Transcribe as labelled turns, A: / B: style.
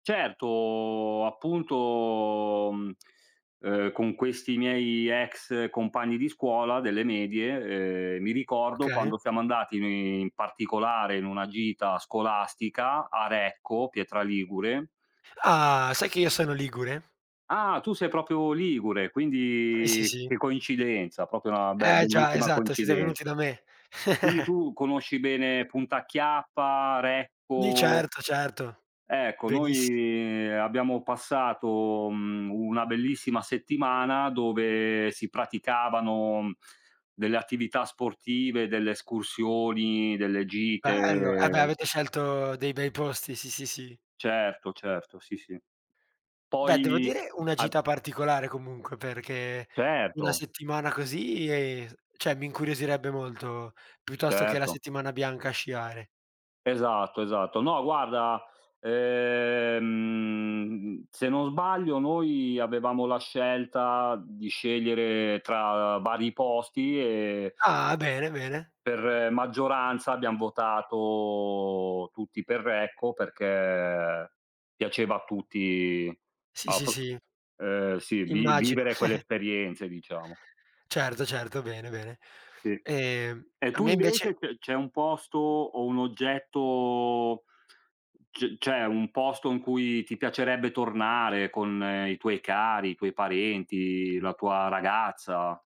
A: Certo, appunto, mhmm, uhm, con questi miei ex compagni di scuola delle medie, ehm, mi ricordo
B: Okay.
A: quando siamo andati ni in particolare in una gita scolastica a Recco, Pietra Ligure.
B: Ah, sai che io sono ligure?
A: Ah! Tu sei proprio ligure,
B: Eh sì,
A: quindi
B: sì.
A: che coincidenza, proprio una be
B: Eh, già.
A: bellissima
B: Esatto, siete
A: coincidenza.
B: venuti da me.
A: Quindi tu conosci bene Punta Chiappa,
B: Di
A: Recco?
B: certo, certo.
A: Ecco,
B: Benissimo.
A: noi abbiamo passato, mhmm, una bellissima settimana dove si praticavano delle attività sportive, delle escursioni, delle
B: Bello. Eh beh,
A: gite.
B: avete scelto dei bei posti, sì, sì, sì.
A: Certo, certo. Sì, sì.
B: Beh, devo
A: Poi
B: dire una
A: a
B: gita particolare comunque, perché una
A: Certo.
B: settimana così e cioè mi incuriosirebbe molto, piuttosto che la
A: Certo.
B: settimana bianca a sciare.
A: Esatto, esatto. No guarda, ehm, se non sbaglio noi avevamo la scelta di scegliere tra vari posti e
B: Ah. Bene, bene.
A: per maggioranza abbiam votato tutti per Recco perché piaceva a tutti
B: Sì,
A: a
B: sì,
A: prop
B: sì.
A: ehm, sì. Lì
B: Immagino.
A: vivere quelle esperienze diciamo.
B: Certo, certo. Bene, bene.
A: Sì.
B: Ehm,
A: E
B: a
A: tu
B: me invece
A: invece c c'è un posto o un oggetto, c cioè un posto in cui ti piacerebbe tornare con i tuoi cari, i tuoi parenti, la tua ragazza?